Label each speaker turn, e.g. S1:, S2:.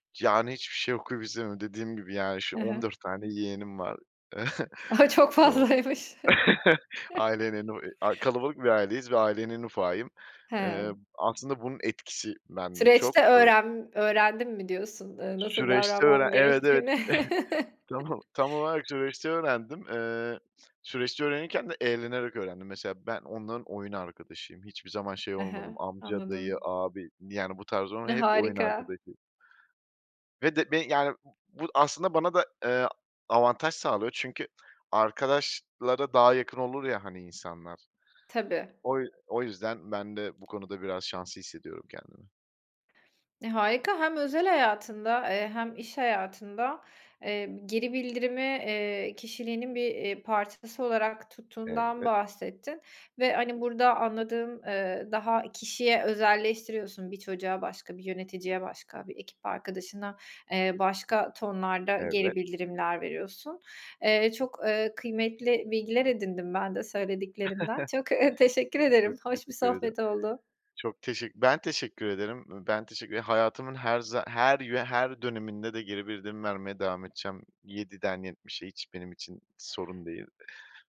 S1: Yani, hiçbir şey okuyup izleme dediğim gibi, yani, ş
S2: He
S1: on
S2: he.
S1: dört tane yeğenim var.
S2: Çok
S1: Eee,
S2: fazlaymış.
S1: aile [unintelligible] a kalabalık bir aileyiz ve ailenin ufağıyım. Eee,
S2: He.
S1: aslında bunun etkisi ben de
S2: Süreçte
S1: çok, ııı
S2: öğrem öğrendim mi diyorsun, ııı, nasıl
S1: Süreçte öğren
S2: davranman
S1: Evet, evet
S2: gerektiğini?
S1: tam o tam olarak süreçte öğrendim. Eee, süreçte öğrenirken de eğlenerek öğrendim. Mesela ben onların oyun arkadaşıyım. Hiçbir zaman şey
S2: He
S1: olmadım.
S2: he.
S1: Amca, dayı,
S2: Anladım.
S1: abi, yani, bu tarz on
S2: E,
S1: hep oyun
S2: harika.
S1: arkadaşıyım. Ve de be yani, bu bu aslında bana da, eee, avantaj sağlıyor. Çünkü arkadaşlara daha yakın olur ya, hani, insanlar.
S2: Tabii.
S1: O yü o yüzden ben de bu konuda biraz şanslı hissediyorum kendimi.
S2: E, harika. Hem özel hayatında, eee, hem iş hayatında, eee, geri bildirimi, eee, kişiliğinin bir, eee, parçası olarak tuttuğundan
S1: Evet.
S2: bahsettin ve, hani, burada anladığım, eee, daha kişiye özelleştiriyorsun bir çocuğa, başka bir yöneticiye, başka bir ekip arkadaşına, eee, başka tonlarda geri
S1: Evet.
S2: bildirimler veriyorsun. Eee, çok, eee, kıymetli bilgiler edindim ben de söylediklerinden. Çok, eee, teşekkür ederim.
S1: Çok
S2: Hoş bir
S1: teşekkür ederim.
S2: sohbet oldu.
S1: Çok teşek ben teşekkür ederim. Iıı, ben teşekkür hayatımın her za her yö her döneminde de geri bildirim vermeye devam edeceğim yediden yetmişe hiç benim için sorun değil.